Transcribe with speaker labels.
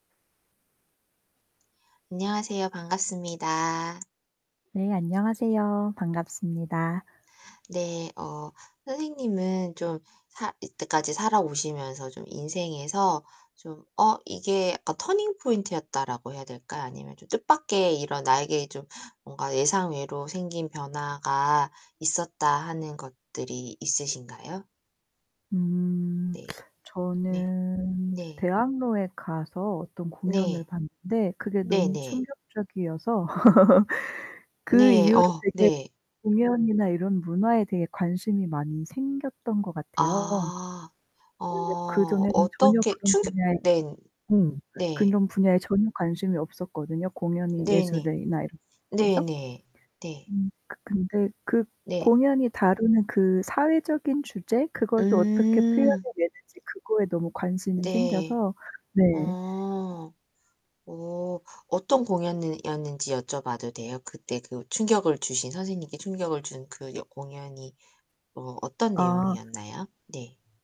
Speaker 1: 안녕하세요. 반갑습니다.
Speaker 2: 네, 안녕하세요. 반갑습니다.
Speaker 1: 네. 어. 선생님은 좀 살 이때까지 살아오시면서 좀 인생에서 좀 '어, 이게 약간 터닝포인트였다.'라고 해야 될까요? 아니면 좀 뜻밖의 이런 '나에게 좀 뭔가 예상외로 생긴 변화가 있었다.' 하는 것들이 있으신가요?
Speaker 2: 음.
Speaker 1: 네. 네.
Speaker 2: 저는
Speaker 1: 네.
Speaker 2: 대학로에 가서 어떤 공연을
Speaker 1: 네.
Speaker 2: 봤는데 그게 너무
Speaker 1: 네네.
Speaker 2: 충격적이어서 그
Speaker 1: 네.
Speaker 2: 이후로
Speaker 1: 어
Speaker 2: 되게
Speaker 1: 네.
Speaker 2: 공연이나 이런 문화에 대해 관심이 많이 생겼던 것 같아요.
Speaker 1: 아. 어.
Speaker 2: 원래 그 전에는 전혀
Speaker 1: 어떻게
Speaker 2: 그런
Speaker 1: 충격
Speaker 2: 분야에
Speaker 1: 네.
Speaker 2: 음,
Speaker 1: 네.
Speaker 2: 그런 분야에 전혀 관심이 없었거든요. 공연이
Speaker 1: 네네.
Speaker 2: 예술이나 이러 [unintelligible] 해서.
Speaker 1: 네네. 네.
Speaker 2: 음. 그 근데 그
Speaker 1: 네.
Speaker 2: 공연이 다루는 그 사회적인 주제 그걸 또 어떻게 표현해
Speaker 1: 음.
Speaker 2: 내는지 그거에 너무 관심이
Speaker 1: 네.
Speaker 2: 생겨서 네.
Speaker 1: 어. 어. 어떤 공연는 이었는지 여쭤 봐도 돼요? 그 때 그 충격을 주신 선생님께 충격을 준 그 여 공연이 뭐 어떤
Speaker 2: 아.
Speaker 1: 내용이었나요? 네.